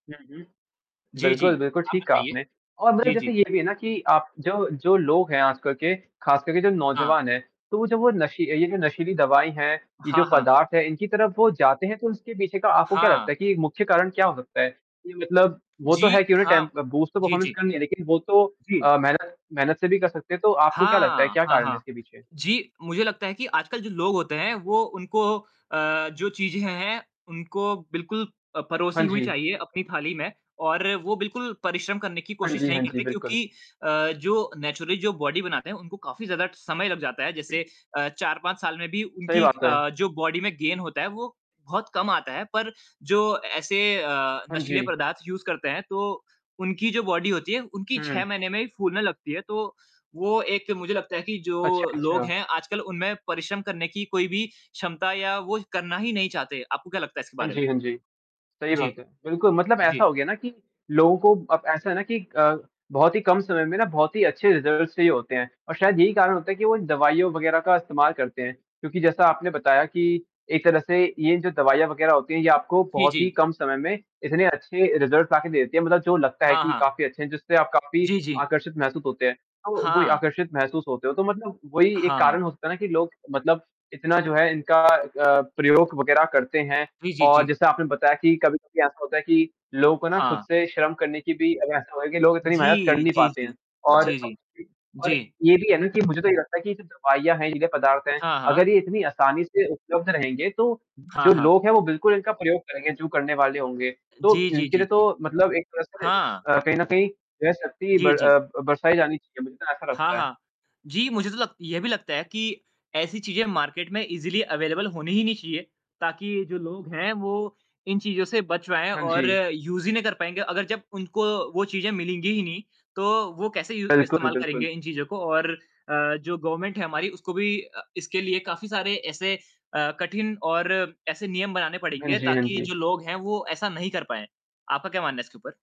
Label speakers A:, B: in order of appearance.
A: हुँ, हुँ।
B: जी,
A: बिल्कुल,
B: जी।
A: बिल्कुल,
B: आप
A: ठीक कहा
B: बताइए।
A: आपने। और मतलब
B: जी,
A: जैसे
B: जी।
A: ये भी है ना कि आप जो जो लोग हैं आजकल के, ख़ासकर के जो
B: हाँ।
A: नौजवान हैं, तो जब वो नशी ये जो नशीली दवाई है, ये जो
B: हाँ, हाँ।
A: पदार्थ है, इनकी तरफ़ वो जाते हैं, तो उसके पीछे का आपको क्या लगता
B: हाँ।
A: है कि एक मुख्य कारण क्या हो सकता है? ये मतलब वो तो है
B: जी
A: कि उन्हें
B: हाँ।
A: टेम्प बूस्ट ऑफ़
B: जी,
A: परफ़ॉर्मेंस
B: जी।
A: करनी है, लेक़िन वो तो
B: जी।
A: अ, मेहनत मेहनत से भी कर सकते हैं। तो आपको क्या लगता है
B: हाँ,
A: क्या
B: हाँ,
A: कारण है
B: हाँ।
A: इसके पीछे?
B: जी, मुझे लगता है कि आजकल जो लोग होते हैं वो उनको अ, जो चीज़ें हैं, उनको बिल्कुल अ,
A: हाँ
B: परोसी हुई
A: जी।
B: चाहिए अपनी थाली में और वो बिल्कुल परिश्रम करने की
A: हाँ
B: कोशिश
A: जी,
B: नहीं
A: हाँ जी।
B: करते
A: बिल्कुल।
B: क्योंकि अ, जो नेचुरली जो बॉडी बनाते हैं उनको काफ़ी ज़्यादा समय लग जाता है। जैसे अ, 4-5 साल में भी
A: सही
B: उनकी
A: बात है।
B: अ, जो बॉडी में गेन होता है वो बहुत कम आता है पर जो ऐसे अ,
A: हाँ
B: नशीले
A: जी।
B: पदार्थ यूज़ करते हैं तो उनकी जो बॉडी होती है उनकी
A: हुँ।
B: 6 महीने में ही फूलने लगती है, तो वो एक मुझे लगता है कि जो
A: अच्छा,
B: लोग
A: अच्छा।
B: हैं आजकल उनमें परिश्रम करने की कोई भी क्षमता या वो करना ही नहीं चाहते। आपको क्या लगता है इसके
A: हाँ
B: बारे में?
A: जी, हाँ जी। सही
B: जी।
A: बात है। बिल्कुल मतलब
B: जी।
A: ऐसा हो गया ना कि लोगों को अब ऐसा है ना कि अ, बहुत ही कम समय में ना बहुत ही अच्छे रिज़ल्ट्स चाहिए होते हैं और शायद यही कारण होता है कि वो दवाइयों वग़ैरह का इस्तेमाल करते हैं। क्योंकि जैसा आपने बताया कि एक तरह से ये जो दवाइयाँ वग़ैरह होती हैं ये आपको
B: जी,
A: बहुत ही
B: जी।
A: कम समय में इतने अच्छे रिज़ल्ट्स लाके देती हैं मतलब जो लगता है
B: हाँ,
A: कि
B: हाँ।
A: काफ़ी अच्छे हैं जिससे आप काफ़ी
B: जी, जी।
A: आकर्षित महसूस होते हैं। अ, वो ही
B: हाँ।
A: आकर्षित महसूस होते हो तो मतलब वही एक
B: हाँ, हाँ।
A: कारण होता है ना कि लोग मतलब इतना जो है इनका अ, प्रयोग वग़ैरह करते हैं
B: जी, जी,
A: और
B: जी।
A: जैसा आपने बताया कि कभी-कभी ऐसा होता है कि लोग को ना ख़ुद
B: हाँ।
A: से शर्म करने की भी अब ऐसा हो गया कि लोग इतनी मदद कर
B: जी,
A: नहीं
B: जी,
A: पाते हैं
B: जी।
A: और
B: जी,
A: अब
B: जी।
A: जो भी और
B: जी।
A: ये भी है ना कि मुझे तो ये लगता है कि जब दवाइयाँ हैं ये नशीले पदार्थ हैं
B: हाँ, हाँ।
A: अगर ये इतनी आसानी से उपलब्ध रहेंगे तो
B: हाँ,
A: जो
B: हाँ।
A: लोग हैं वो बिल्कुल इनका प्रयोग करेंगे जो करने वाले होंगे। तो
B: जी, जी,
A: इसके
B: जी,
A: लिए
B: जी।
A: तो मतलब एक तरह से स
B: हाँ।
A: अ, कहीं न कहीं वह शक्ति
B: जी,
A: बर
B: जी।
A: अ, बरसाया जानी चाहिए मुझे तो ऐसा
B: हाँ,
A: लगता है।
B: हाँ। जी, मुझे तो लग ये भी लगता है कि ऐसी चीज़ें मार्केट में ईज़ीली अवेलेबल होनी ही नहीं चाहिए। ताकि ये जो लोग हैं वो इन चीज़ों से बच पाएँ
A: हाँ
B: और
A: जी।
B: यूज़ ही नहीं कर पाएँगे। अगर जब उनको वो चीज़ें मिलेंगी ही नहीं, तो वो कैसे यू
A: बिल्कुल,
B: इस्तेमाल करेंगे
A: बिल्कुल।
B: इन चीज़ों को? और अ, जो गवर्नमेंट है हमारी उसको भी अ, इसके लिए काफ़ी सारे ऐसे अ, कठिन और ऐसे नियम बनाने
A: हाँ
B: पड़ेंगे
A: जी, हाँ
B: ताकि
A: जी।
B: जो लोग हैं वो ऐसा नहीं कर पाएँ। आपका क्या मानना है इसके ऊपर?